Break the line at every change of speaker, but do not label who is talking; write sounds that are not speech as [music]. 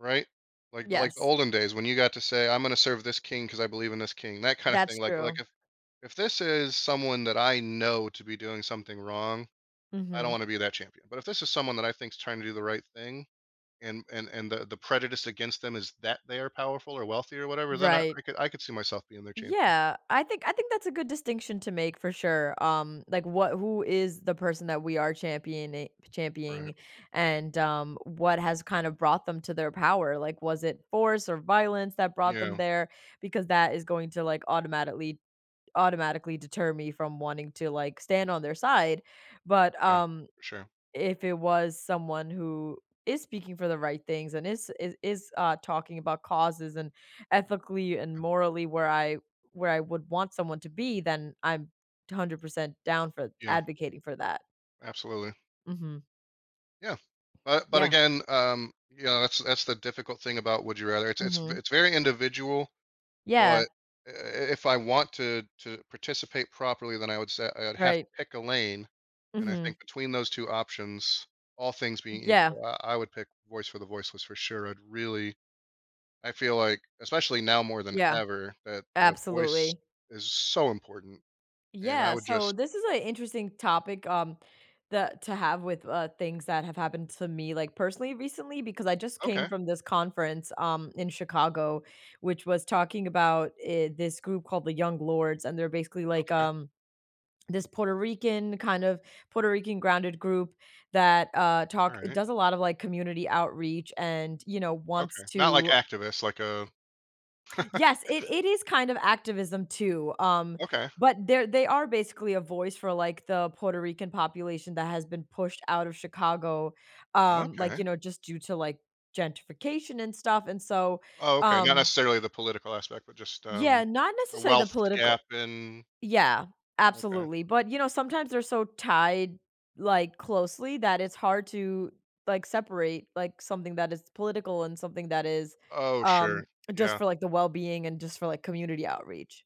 Right, like the, like
Yes.
olden days when you got to say, "I'm gonna serve this king 'cause I believe in this king." that, kinda,
That's
thing, like, like
true.
if, if this is someone that I know to be doing something wrong, I don't
Mhm.
wanna be their champion, but if this is someone that I think is trying to do the right thing, and, and, and the, the prejudice against them is that they are powerful or wealthy or whatever, then I,
Right.
I could, I could see myself being their champion.
Yeah, I think, I think that's a good distinction to make for sure, um, like, what who is the person that we are championing,
Right.
championing, and, um, what has, kind of, brought them to their power, like, was it force or violence that brought them
Yeah.
there, because that is going to, like, automatically automatically deter me from wanting to, like, stand on their side, but,
Yeah,
um,
for sure.
if it was someone who is speaking for the right things, and is is is, uh, talking about causes and ethically and
Yeah.
morally where I, where I would want someone to be, then I'm 100% down for
Yeah.
advocating for that.
Absolutely.
Mhm.
Yeah, but, but
Yeah.
again, um, you know, that's, that's the difficult thing about would you rather. It's, it's,
Mhm.
it's very individual, but,
Yeah.
e eh, if I want to, to participate properly, then I would say I would have to
Right.
pick a lane, and I
Mhm.
think between those 2 options, all things being
Yeah.
equal, uh, I I would pick voice for the voiceless for sure. I'd really I feel, like especially now more than
Yeah,
ever that that a voice
absolutely.
is so important, and I
Yeah,
would
so,
just
this is a interesting topic, um, that to have with, uh, things that have happened to me, like, personally recently, because I, just, came
Okay.
from this conference, um, in Chicago, which was talking about, eh, this group called the Young Lords, and they're basically, like,
Okay.
um, this Puerto Rican, kind of Puerto Rican grounded group that, uh,
All
talk it
right.
does a lot of, like, community outreach and, you know,
Okay,
wants
not like
to
activists like a
Yes, it,
[laughs]
it is, kind of, activism too, um,
Okay.
but they're they are basically a voice for, like, the Puerto Rican population that has been pushed out of Chicago, um, like,
Okay.
you know, just, due to, like, gentrification and stuff, and so,
Oh, okay, not
um
necessarily the political aspect, but, just,
Yeah,
um,
not
a
necessarily the
wealth gap
political.
in
Yeah,
Okay.
absolutely, but, you know, sometimes they're so tied, like, closely that it's hard to, like, separate, like, something that is political and something that is,
Oh, sure.
um, just,
Yeah.
for, like, the well-being and, just, for, like, community outreach.